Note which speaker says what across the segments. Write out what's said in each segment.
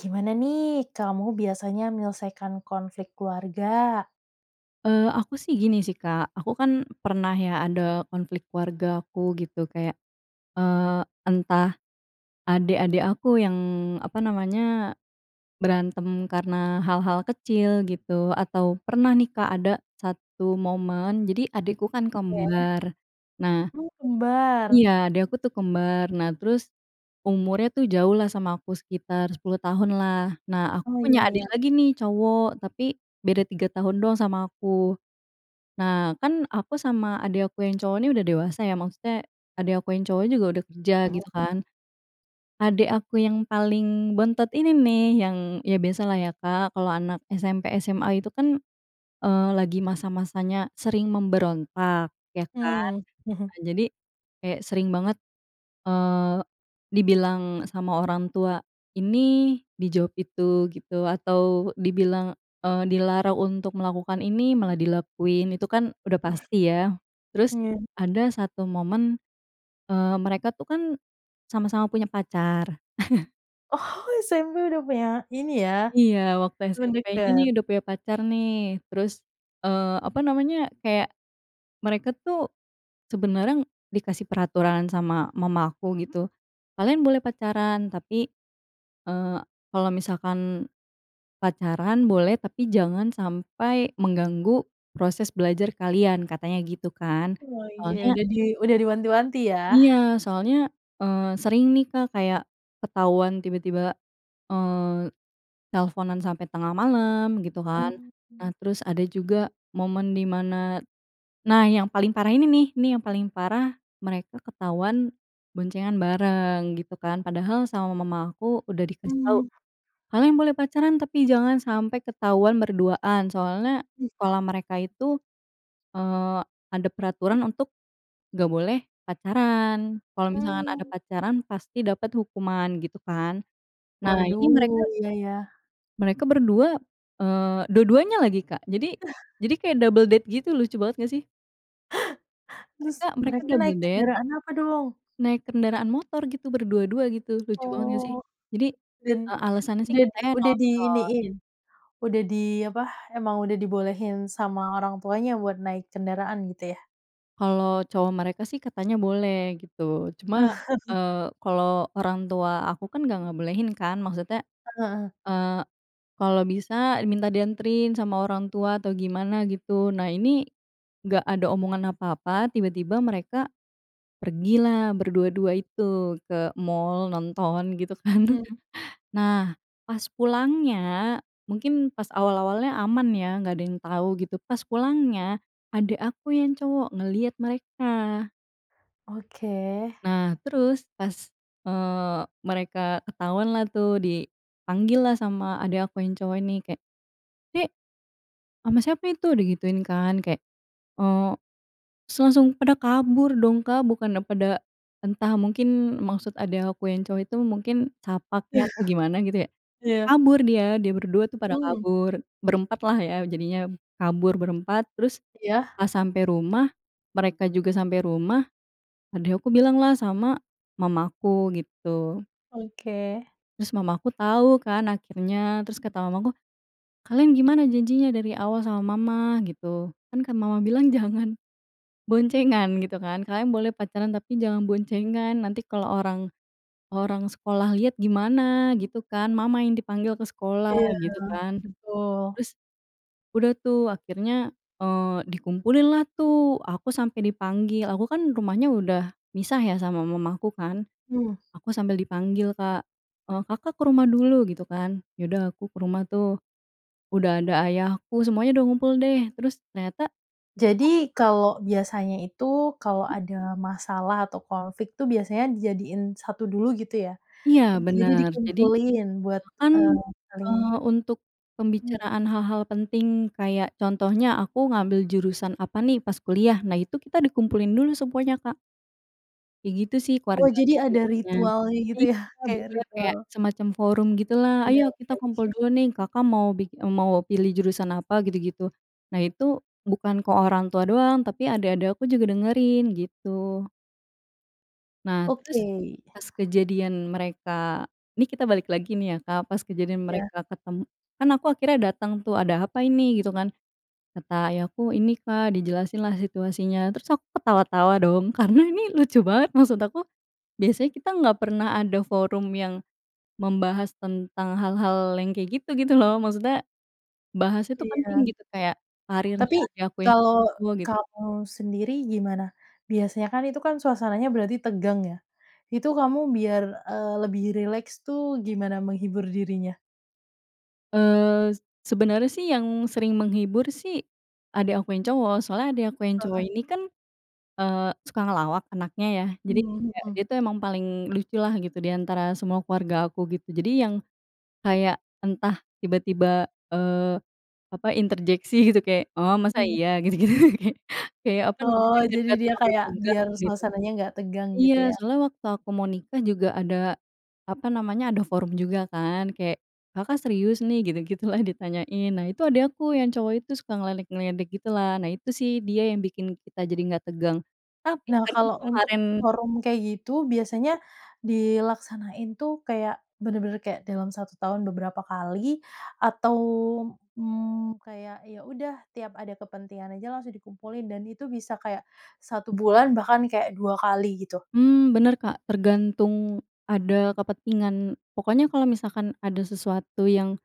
Speaker 1: Gimana nih, kamu biasanya menyelesaikan konflik keluarga?
Speaker 2: Eee, aku sih, gini sih, Kak. Aku kan pernah ya, ada konflik keluargaku gitu, kayak, eee, entah adik-adik aku yang, apa namanya, berantem karena hal-hal kecil, gitu, atau pernah nih, Kak, ada 1 momen. Jadi adikku kan
Speaker 1: Oke.
Speaker 2: kembar. Nah
Speaker 1: Oh, kembar.
Speaker 2: iya, adik aku tuh kembar. Nah, terus, umurnya tuh jauh lah sama aku, sekitar 10 tahun, lah. Nah, aku
Speaker 1: Oh, iya,
Speaker 2: punya adik
Speaker 1: ya.
Speaker 2: lagi nih, cowok, tapi beda 3 tahun doang sama aku. Nah, kan, aku sama adik aku yang cowok ini udah dewasa, ya. Maksudnya, adik aku yang cowok juga udah kerja, gitu
Speaker 1: Mhm.
Speaker 2: kan. Adik aku yang paling bontot ini nih, yang ya biasalah ya, Kak, kalau anak SMP, SMA itu kan, eee, lagi masa-masanya sering memberontak, ya kan.
Speaker 1: Mmm.
Speaker 2: Nah, jadi, kayak sering banget, eee, dibilang sama orang tua ini, dijawab itu, gitu. Atau dibilang, eee, dilarang untuk melakukan ini, malah dilakuin, itu kan udah pasti, ya. Terus,
Speaker 1: Iya.
Speaker 2: ada 1 momen, eee, mereka tuh, kan, sama-sama punya pacar.
Speaker 1: Oh, SMP udah punya ini ya,
Speaker 2: Iya, waktu
Speaker 1: temen
Speaker 2: SMP ini nih,
Speaker 1: deket.
Speaker 2: udah punya pacar, nih. Terus, eee, apa namanya, kayak, mereka tuh, sebenarnya dikasih peraturan sama mama aku, gitu, “Kalian boleh pacaran, tapi, eee, kalau misalkan pacaran boleh, tapi jangan sampai mengganggu proses belajar kalian,” katanya gitu, kan.
Speaker 1: Oke,
Speaker 2: Soalnya
Speaker 1: udah di udah diwanti-wanti, yah.
Speaker 2: iya, soalnya, eee, sering nih, Kak, kayak ketahuan tiba-tiba, eee, telfonan sampai tengah malam, gitu kan. Nah,
Speaker 1: Oke.
Speaker 2: terus ada juga momen di mana nah, yang paling parah ini nih, nih yang paling parah, mereka ketahuan boncengan bareng, gitu kan. Padahal, sama mama aku udah dikasih tahu,
Speaker 1: Mhm.
Speaker 2: "Kalian boleh pacaran, tapi jangan sampai ketahuan berduaan." Soalnya,
Speaker 1: Mmm.
Speaker 2: sekolah mereka itu, eee, ada peraturan untuk nggak boleh pacaran. Kalau misalkan ada
Speaker 1: Mmm.
Speaker 2: pacaran, pasti dapat hukuman, gitu kan. Nah, ini
Speaker 1: Waduh,
Speaker 2: mereka
Speaker 1: iya, ya.
Speaker 2: mereka berdua, eee, dua-duanya lagi, Kak. Jadi jadi kayak double date gitu. Lucu banget, nggak, sih?
Speaker 1: Terus,
Speaker 2: Mereka mereka
Speaker 1: mereka
Speaker 2: double
Speaker 1: naik
Speaker 2: date
Speaker 1: kendaraan apa, dong?
Speaker 2: naik kendaraan motor, gitu, berdua-dua, gitu. Lucu banget, nggak, sih?
Speaker 1: Oh.
Speaker 2: Jadi,
Speaker 1: Dan,
Speaker 2: eee, alasannya sih,
Speaker 1: udah di
Speaker 2: katanya
Speaker 1: udah
Speaker 2: nonton.
Speaker 1: diiniin, udah di, apa, emang udah dibolehin sama orang tuanya buat naik kendaraan, gitu ya?
Speaker 2: Kalau cowok mereka sih, katanya boleh, gitu. Cuma, eee, kalau orang tua aku kan nggak ngebolehin, kan. Maksudnya,
Speaker 1: Heeh heeh.
Speaker 2: eee, kalau bisa, minta dianterin sama orang tua atau gimana, gitu. Nah ini, nggak ada omongan apa-apa, tiba-tiba mereka pergilah berdua-dua itu ke mall, nonton, gitu kan.
Speaker 1: Hmm.
Speaker 2: Nah, pas pulangnya, mungkin pas awal-awalnya aman ya, nggak ada yang tahu, gitu. Pas pulangnya, adik aku yang cowok ngeliat mereka.
Speaker 1: Oke.
Speaker 2: Nah, terus, pas eee, mereka ketahuan lah tuh, dipanggil lah sama adik aku yang cowok ini. Kayak, “Dek, ama siapa itu?” Digituin, kan. Kayak, eee s langsung pada kabur dong, Kak. Bukannya pada entah, mungkin maksud adik aku yang cowok itu, mungkin sapa kek, atau gimana, gitu ya.
Speaker 1: Iya.
Speaker 2: Kabur dia, dia berdua itu pada
Speaker 1: Mhm.
Speaker 2: kabur. Berempat lah ya, jadinya, kabur berempat. Terus
Speaker 1: Iya.
Speaker 2: pas sampe rumah, mereka juga sampe rumah, adik aku bilanglah sama mama aku, gitu.
Speaker 1: Oke.
Speaker 2: Terus mama aku tahu kan, akhirnya. Terus kata mamaku, “Kalian gimana janjinya dari awal sama Mama?" Gitu. "Kan kan Mama bilang, jangan boncengan," gitu kan. "Kalian boleh pacaran tapi jangan boncengan. Nanti kalau orang orang sekolah lihat, gimana," gitu kan, "Mama yang dipanggil ke sekolah",
Speaker 1: Iya,
Speaker 2: gitu kan.
Speaker 1: betul.
Speaker 2: Terus, udah tuh, akhirnya, eee, dikumpulin lah, tuh. Aku sampai dipanggil. Aku kan rumahnya udah misah ya, sama mamaku, kan.
Speaker 1: Mmm.
Speaker 2: Aku sambil dipanggil, Kak. “Eee, Kakak ke rumah dulu," gitu kan. Ya udah, aku ke rumah, tuh. Udah ada ayahku, semuanya udah ngumpul, deh. Terus, ternyata.
Speaker 1: Jadi, kalau biasanya itu, kalau
Speaker 2: Mhm.
Speaker 1: ada masalah atau konflik tuh, biasanya dijadiin satu dulu, gitu ya?
Speaker 2: Iya,
Speaker 1: Jadi
Speaker 2: bener. Jadi,
Speaker 1: dikumpulin buat,
Speaker 2: bahkan,
Speaker 1: eee, saling
Speaker 2: eee, untuk
Speaker 1: Mmm.
Speaker 2: pembicaraan hal-hal penting, kayak contohnya, aku ngambil jurusan apa nih, pas kuliah. Nah, itu kita dikumpulin dulu semuanya, Kak. Kayak gitu sih
Speaker 1: Oh, jadi
Speaker 2: keluargaku,
Speaker 1: ada
Speaker 2: biasanya.
Speaker 1: ritualnya gitu, ya,
Speaker 2: Iya,
Speaker 1: kayak
Speaker 2: bener, kayak
Speaker 1: ritual.
Speaker 2: semacam forum gitulah.
Speaker 1: Iya,
Speaker 2: “Ayo
Speaker 1: oke
Speaker 2: kita kumpul
Speaker 1: oke.
Speaker 2: dulu nih, Kakak mau bik eee, mau pilih jurusan apa,” gitu-gitu. Nah, itu bukan ke orang tua doang, tapi adik-adik aku juga dengerin, gitu. Nah, terus,
Speaker 1: Oke.
Speaker 2: pas kejadian mereka nih kita balik lagi nih ya, Kak. Pas kejadian
Speaker 1: Ya.
Speaker 2: mereka ketem kan aku akhirnya datang, tuh, “Ada apa ini?” Gitu, kan. Kata ayahku, “Ini, Kak.” Dijelasin lah situasinya. Terus aku ketawa-tawa dong, karena ini lucu banget. Maksud aku, biasanya kita nggak pernah ada forum yang membahas tentang hal-hal yang kayak gitu, gitu lo. Maksudnya, bahasnya tuh
Speaker 1: Iya.
Speaker 2: penting, gitu. Kayak
Speaker 1: Tapi,
Speaker 2: karirnya ayahku yang
Speaker 1: kalau
Speaker 2: [unintelligible] gitu.
Speaker 1: kamu sendiri, gimana? Biasanya kan itu kan, suasananya berarti tegang, ya. Itu kamu biar, eee, lebih rileks tuh, gimana menghibur dirinya?
Speaker 2: Eee, s sebenarnya sih, yang sering menghibur sih, adik aku yang cowok. Soalnya adik aku yang cowok
Speaker 1: Heeh.
Speaker 2: ini kan, eee, suka ngelawak anaknya, ya. Jadi
Speaker 1: Mmm,
Speaker 2: kayak,
Speaker 1: mhm.
Speaker 2: dia itu emang paling lucu lah, gitu, di antara semua keluarga aku, gitu. Jadi yang kayak entah tiba-tiba, eee, apa, interjeksi, gitu. Kayak, “Oh, masa
Speaker 1: [unintelligible]
Speaker 2: iya?" Gitu-gitu, kayak kayak, apa
Speaker 1: Oh,
Speaker 2: namanya, biar
Speaker 1: jadi
Speaker 2: nggak
Speaker 1: dia
Speaker 2: terlalu
Speaker 1: kayak,
Speaker 2: tegang,
Speaker 1: biar
Speaker 2: gitu.
Speaker 1: suasananya nggak tegang,
Speaker 2: Iya,
Speaker 1: gitu, ya?
Speaker 2: soalnya waktu aku mau nikah, juga ada, apa namanya, ada forum juga, kan. Kayak, “Kakak serius, nih?” Gitu-gitulah, ditanyain. Nah, itu adik aku, yang cowok itu suka ngeledek-ngeledek gitulah. Nah, itu sih, dia yang bikin kita jadi nggak tegang. Tapi,
Speaker 1: Nah,
Speaker 2: karena
Speaker 1: kalau untuk
Speaker 2: kemarin
Speaker 1: forum kayak gitu,
Speaker 2: Ya?
Speaker 1: biasanya, dilaksanain tuh kayak, benar-benar kayak dalam 1 tahun beberapa kali, atau, mmm, kayak, ya udah, tiap ada kepentingan aja langsung dikumpulin. Dan itu bisa kayak 1 bulan bahkan kayak 2 kali, gitu?
Speaker 2: Mmm, bener, Kak. Tergantung ada kepentingan pokoknya kalau misalkan ada sesuatu yang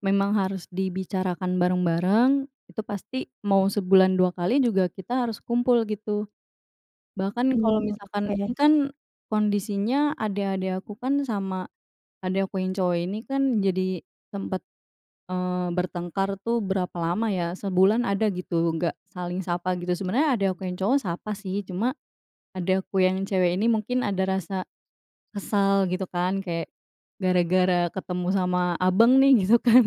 Speaker 2: memang harus dibicarakan bareng-bareng, itu pasti mau sebulan 2 kali juga, kita harus kumpul, gitu. Bahkan, kalau
Speaker 1: Mmm,
Speaker 2: misalkan, ini
Speaker 1: oke.
Speaker 2: kan kondisinya, adik-adik aku kan, sama adik aku yang cowok ini, kan jadi sempat, eee, bertengkar tuh, berapa lama, ya. Sebulan ada, gitu, nggak saling sapa, gitu. Sebenarnya, adik aku yang cowok sapa, sih. Cuma, adik aku yang cewek ini mungkin ada rasa kesal, gitu kan. Kayak, gara-gara ketemu sama abang nih, gitu kan.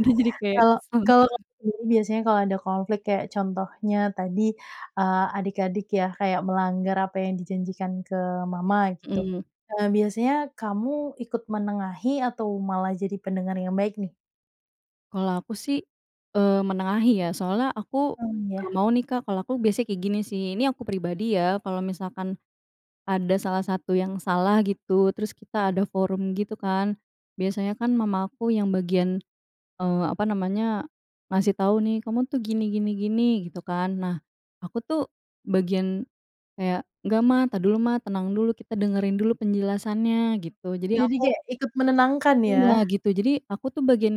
Speaker 2: Dia jadi kayak
Speaker 1: Kalau
Speaker 2: kesal
Speaker 1: kalau ka
Speaker 2: gimana
Speaker 1: diri biasanya kalau ada konflik, kayak contohnya tadi, eee, adik-adik ya, kayak melanggar apa yang dijanjikan ke Mama, gitu.
Speaker 2: Mhm.
Speaker 1: Eee, biasanya kamu ikut menengahi atau malah jadi pendengar yang baik, nih?
Speaker 2: Kalau aku sih, eee, menengahi, ya. Soalnya, aku
Speaker 1: Mmm, yah.
Speaker 2: nggak mau nih, Kak. Kalau aku biasanya kayak gini, sih, ini aku pribadi, ya. Kalau misalkan ada salah satu yang salah, gitu, terus kita ada forum gitu, kan. Biasanya kan, mama aku yang bagian, eee, apa namanya, ngasih tahu, nih, “Kamu tuh, gini gini gini,” gitu kan. Nah, aku tuh, bagian kayak, “Nggak, Ma. Ntar dulu, Ma. Tenang dulu. Kita dengerin dulu penjelasannya,” gitu. Jadi
Speaker 1: Jadi
Speaker 2: aku
Speaker 1: kayak ikut menenangkan,
Speaker 2: iya,
Speaker 1: ya?
Speaker 2: gitu. Jadi, aku tuh bagian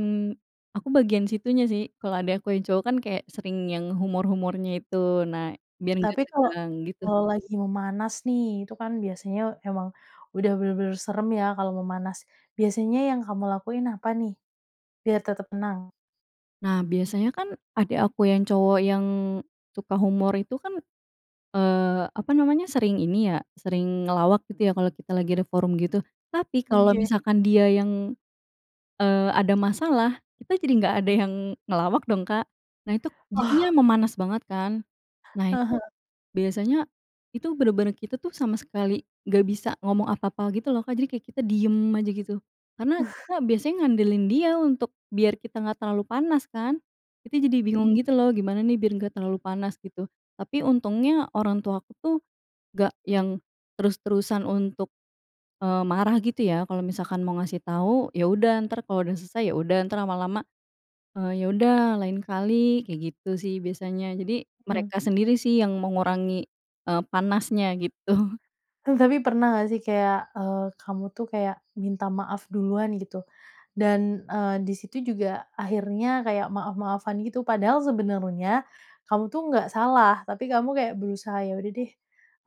Speaker 2: aku bagian situnya, sih. Kalau adik aku yang cowok kan, kayak sering yang humor-humornya itu, nah, biar nggak
Speaker 1: Tapi kalau
Speaker 2: tegang, gitu, sih.
Speaker 1: kalau lagi memanas, nih. Itu kan, biasanya emang udah benar-benar serem, ya, kalau memanas. Biasanya yang kamu lakuin apa, nih, biar tetap tenang?
Speaker 2: Nah, biasanya kan, adik aku yang cowok, yang suka humor itu kan, eee, apa namanya, sering ini ya, sering ngelawak, gitu ya, kalau kita lagi ada forum gitu. Tapi, kalau
Speaker 1: Oke.
Speaker 2: misalkan dia yang, eee, ada masalah, kita jadi nggak ada yang, ngelawak dong, Kak. Nah, itu, jadinya
Speaker 1: Oh.
Speaker 2: memanas banget, kan. Nah
Speaker 1: Heeh
Speaker 2: itu,
Speaker 1: heeh.
Speaker 2: biasanya, itu bener-bener kita tuh, sama sekali nggak bisa ngomong apa-apa gitu, lo, Kak. Jadi, kayak kita diem aja, gitu. Karena, kita biasanya ngandelin dia untuk, biar kita nggak terlalu panas, kan. Kita jadi bingung
Speaker 1: Mhm.
Speaker 2: gitu, lo, gimana nih biar nggak terlalu panas, gitu. Tapi, untungnya, orang tuaku tuh, nggak yang terus-terusan untuk, eee, marah gitu, ya. Kalau misalkan mau ngasih tahu, ya udah, ntar kalau udah selesai, ya udah. Ntar lama-lama, eee, "Ya udah, lain kali" kayak gitu sih, biasanya. Jadi,
Speaker 1: Mhm.
Speaker 2: mereka sendiri sih, yang mengurangi, eee, panasnya, gitu.
Speaker 1: Tapi pernah nggak sih kayak, eee, kamu tuh kayak minta maaf duluan, gitu? Dan, eee, di situ juga, akhirnya kayak maaf-maafan gitu. Padahal sebenarnya, kamu tuh nggak salah. Tapi kamu kayak berusaha, "Ya udah deh,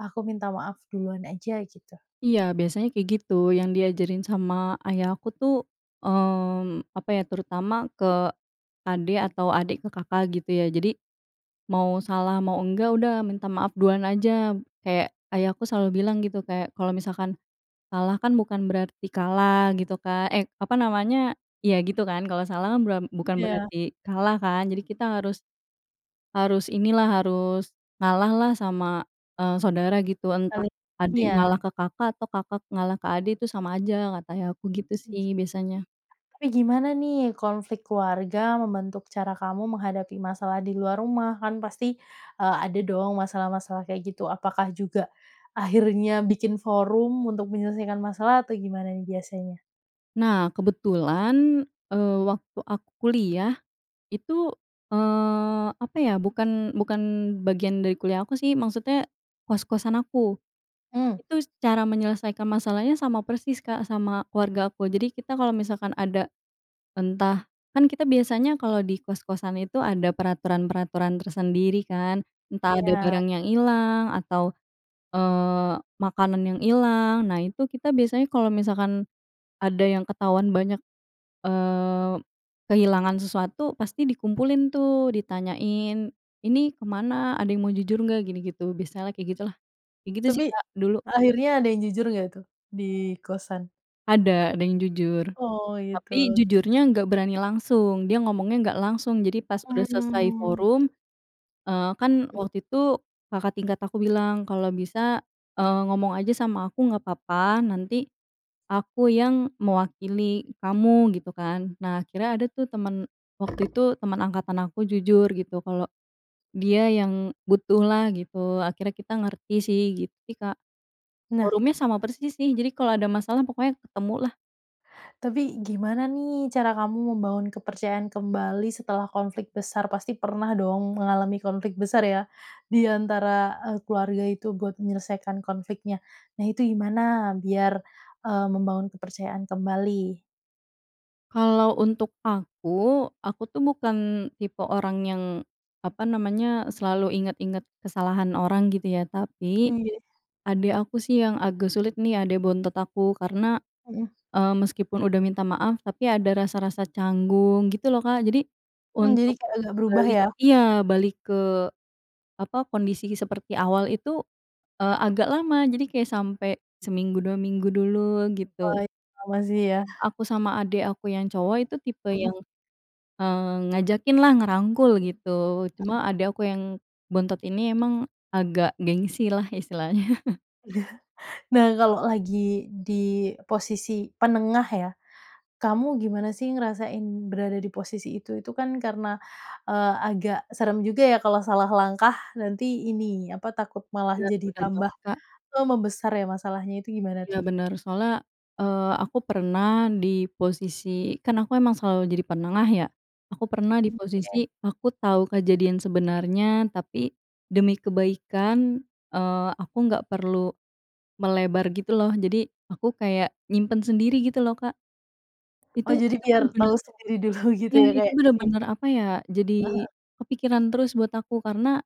Speaker 1: aku minta maaf duluan aja," gitu.
Speaker 2: Iya, biasanya kayak gitu. Yang diajarin sama ayah aku tuh, mmm, apa ya, terutama ke adik, atau adik ke kakak, gitu ya. Jadi, mau salah mau enggak, udah, minta maaf duluan aja. Kayak, ayahku selalu bilang, gitu, kayak, kalau misalkan kalah kan bukan berarti kalah, gitu Kak eh, apa namanya iya, gitu kan. Kalau salah kan, bura bukan
Speaker 1: Iya.
Speaker 2: berarti kalah, kan. Jadi kita harus harus inilah, harus ngalah lah sama, eee, saudara, gitu. Entah
Speaker 1: Saling
Speaker 2: adik
Speaker 1: iya.
Speaker 2: ngalah ke kakak, atau kakak ngalah ke adik, itu sama aja, kata ayah aku, gitu
Speaker 1: Mmm.
Speaker 2: sih, biasanya.
Speaker 1: Tapi gimana nih, konflik keluarga membentuk cara kamu menghadapi masalah di luar rumah? Kan pasti, eee, ada dong masalah-masalah kayak gitu. Apakah juga akhirnya bikin forum untuk menyelesaikan masalah, atau gimana nih, biasanya?
Speaker 2: Nah, kebetulan, eee, waktu aku kuliah, itu, eee, apa ya. Bukan bukan bagian dari kuliah aku, sih. Maksudnya, kos-kosan aku.
Speaker 1: Mmm.
Speaker 2: Itu s cara menyelesaikan masalahnya sama persis, Kak, sama keluargaku. Jadi kita kalau misalkan ada, entah kan kita biasanya, kalau di kos-kosan itu, ada peraturan-peraturan tersendiri, kan. Entah ada
Speaker 1: Iya.
Speaker 2: barang yang hilang atau, eee, makanan yang hilang. Nah, itu, kita biasanya kalau misalkan ada yang ketahuan banyak, eee, kehilangan sesuatu, pasti dikumpulin tuh, ditanyain, "Ini ke mana? Ada yang mau jujur, nggak?" Gini, gitu. Biasalah, kayak gitulah. Kayak gitu
Speaker 1: Tapi,
Speaker 2: sih, Kak, dulu.
Speaker 1: akhirnya ada yang jujur nggak tuh, di kosan?
Speaker 2: Ada, ada yang jujur.
Speaker 1: Oh,
Speaker 2: Tapi,
Speaker 1: gitu.
Speaker 2: jujurnya nggak berani langsung. Dia ngomongnya nggak langsung, jadi pas udah selesai
Speaker 1: Mmm.
Speaker 2: forum, eee, kan, waktu itu, kakak tingkat aku bilang, "Kalau bisa, eee, ngomong aja sama aku nggak papa, nanti aku yang mewakili kamu," gitu kan. Nah, akhirnya ada tuh temen waktu itu, temen angkatan aku, jujur, gitu, kalau dia yang butuhlah, gitu. Akhirnya kita ngerti, sih. Gitu sih, Kak.
Speaker 1: Nah.
Speaker 2: Forumnya sama persis sih, jadi kalau ada masalah, pokoknya ketemu, lah.
Speaker 1: Tapi, gimana nih, cara kamu membangun kepercayaan kembali setelah konflik besar? Pasti pernah dong, mengalami konflik besar, ya, di antara, eee, keluarga itu, buat menyelesaikan konfliknya. Nah, itu gimana biar, eee, membangun kepercayaan kembali?
Speaker 2: Kalau untuk aku, aku tuh, bukan tipe orang yang, apa namanya, selalu ingat-ingat kesalahan orang, gitu ya. Tapi,
Speaker 1: Iye.
Speaker 2: adik aku sih, yang agak sulit nih, adik bontot aku. Karena,
Speaker 1: Mhm.
Speaker 2: eee, meskipun udah minta maaf, tapi ada rasa-rasa canggung, gitu lo, Kak. Jadi,
Speaker 1: Hmm, jadi
Speaker 2: untuk
Speaker 1: kayak agak berubah,
Speaker 2: balik
Speaker 1: ya?
Speaker 2: iya, balik ke, apa, kondisi seperti awal itu, eee, agak lama. Jadi kayak sampai seminggu, 2 minggu dulu, gitu.
Speaker 1: Wah, i
Speaker 2: Tapi,
Speaker 1: lama sih, ya.
Speaker 2: aku sama adik aku yang cowok itu tipe
Speaker 1: Mhm.
Speaker 2: yang, eee, ngajakin lah, ngerangkul, gitu.
Speaker 1: Mhm.
Speaker 2: Cuma, adik aku yang bontot ini, emang agak gengsi lah, istilahnya.
Speaker 1: Iya. Nah, kalau lagi di posisi penengah, ya. Kamu gimana sih, ngerasain berada di posisi itu? Itu kan karena, eee, agak serem juga, ya. Kalau salah langkah nanti ini, apa takut malah
Speaker 2: Bener,
Speaker 1: jadi
Speaker 2: bener
Speaker 1: tambah,
Speaker 2: banget, Kak.
Speaker 1: eee, membesar ya, masalahnya. Itu gimana,
Speaker 2: Iya,
Speaker 1: tuh?
Speaker 2: bener. Soalnya, eee, aku pernah di posisi kan aku emang selalu jadi penengah, ya. Aku pernah di
Speaker 1: Mmm, oke.
Speaker 2: posisi, aku tahu kejadian sebenarnya, tapi demi kebaikan, eee, aku nggak perlu melebar gitu, lo. Jadi, aku kayak, nyimpen sendiri, gitu lo, Kak.
Speaker 1: Oh,
Speaker 2: Itu
Speaker 1: jadi
Speaker 2: itu
Speaker 1: biar
Speaker 2: bener-bener
Speaker 1: tahu sendiri dulu, gitu,
Speaker 2: iya,
Speaker 1: ya,
Speaker 2: itu
Speaker 1: kayak
Speaker 2: bener-bener,
Speaker 1: disimpan.
Speaker 2: apa ya,
Speaker 1: E Heeh.
Speaker 2: jadi kepikiran terus buat aku. Karena,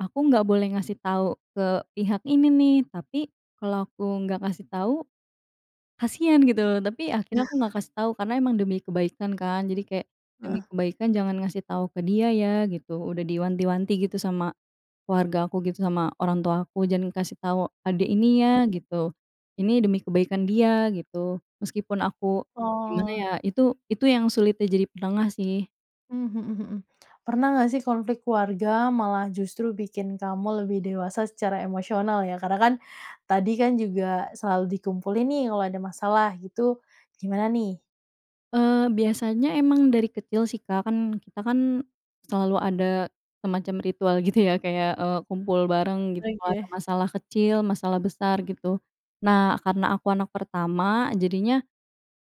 Speaker 2: aku nggak boleh ngasih tahu ke pihak ini, nih. Tapi, kalau aku nggak ngasih tahu, kasihan gitu lo. Tapi, akhirnya aku nggak kasih tahu, karena emang demi kebaikan, kan. Jadi kayak, "Demi
Speaker 1: Heeh.
Speaker 2: kebaikan, jangan ngasih tahu ke dia, ya," gitu. Udah diwanti-wanti, gitu, sama keluarga aku, gitu, sama orang tua aku, "Jangan kasih tahu adik ini ya,"
Speaker 1: Mhm.
Speaker 2: gitu. "Ini demi kebaikan dia, gitu." Meskipun aku gimana
Speaker 1: Oh.
Speaker 2: ya, itu itu yang sulitnya jadi penengah, sih.
Speaker 1: Mmm, mhm mhm. Pernah nggak sih, konflik keluarga, malah justru bikin kamu lebih dewasa secara emosional, ya. Karena kan, tadi kan juga selalu dikumpulin nih, kalau ada masalah gitu, gimana, nih?
Speaker 2: Eee, biasanya emang dari kecil sih, Kak. Kan, kita kan, selalu ada semacam ritual gitu, ya, kayak, eee, kumpul bareng, gitu, kalau ada
Speaker 1: Oke.
Speaker 2: masalah kecil, masalah besar, gitu. Nah, karena aku anak pertama, jadinya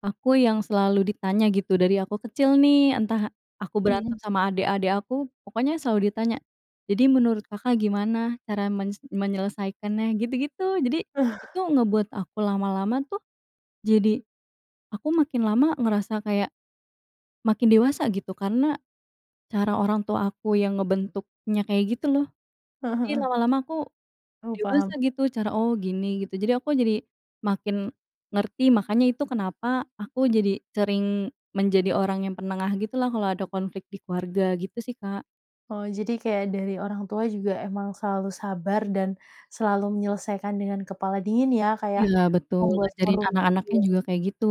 Speaker 2: aku yang selalu ditanya, gitu, dari aku kecil, nih. Entah aku berantem
Speaker 1: Mhm.
Speaker 2: sama adik-adik aku, pokoknya selalu ditanya, "Jadi, menurut Kakak gimana, cara menyes menyelesaikannya?" Gitu-gitu. Jadi, itu ngebuat aku, lama-lama tuh, jadi, aku makin lama ngerasa kayak, makin dewasa, gitu. Karena, cara orang tua aku yang ngebentuknya kayak gitu, lo.
Speaker 1: Heeh
Speaker 2: Iya,
Speaker 1: heeh.
Speaker 2: lama-lama aku
Speaker 1: Oh, paham.
Speaker 2: dewasa, gitu, cara "Oh, gini," gitu. Jadi, aku jadi makin ngerti. Makanya, itu kenapa, aku jadi sering menjadi orang yang penengah gitulah, kalau ada konflik di keluarga. Gitu sih, Kak.
Speaker 1: Oh, jadi kayak dari orang tua juga emang selalu sabar dan selalu menyelesaikan dengan kepala dingin, ya? Kayak
Speaker 2: Iya, betul,
Speaker 1: membuat
Speaker 2: ngajarin
Speaker 1: forum gitu,
Speaker 2: anak-anaknya
Speaker 1: ya?
Speaker 2: juga kayak gitu.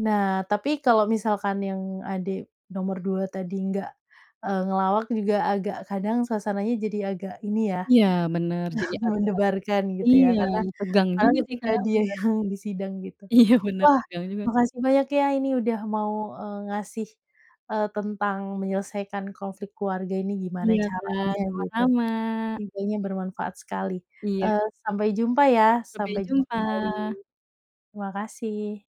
Speaker 1: Nah, tapi kalau misalkan yang adik nomor 2 tadi nggak, eee, ngelawak juga, agak kadang suasananya jadi agak ini ya,
Speaker 2: Iya, bener. Jadi agak
Speaker 1: mendebarkan gitu, ya.
Speaker 2: iya,
Speaker 1: Karena
Speaker 2: tegang
Speaker 1: karena
Speaker 2: juga sih,
Speaker 1: ketika
Speaker 2: Kak,
Speaker 1: dia
Speaker 2: bener.
Speaker 1: yang disidang gitu.
Speaker 2: Iya, bener.
Speaker 1: Wah,
Speaker 2: Tegang juga.
Speaker 1: makasih banyak ya Ini udah mau, eee, ngasih, eee, tentang menyelesaikan konflik keluarga ini gimana
Speaker 2: Iya, Kak,
Speaker 1: caranya, gitu.
Speaker 2: sama-sama.
Speaker 1: Infonya bermanfaat sekali.
Speaker 2: Iya.
Speaker 1: Eee, sampai jumpa, ya.
Speaker 2: Sampai
Speaker 1: Sampai jumpa kembali,
Speaker 2: jumpa!
Speaker 1: terima kasih.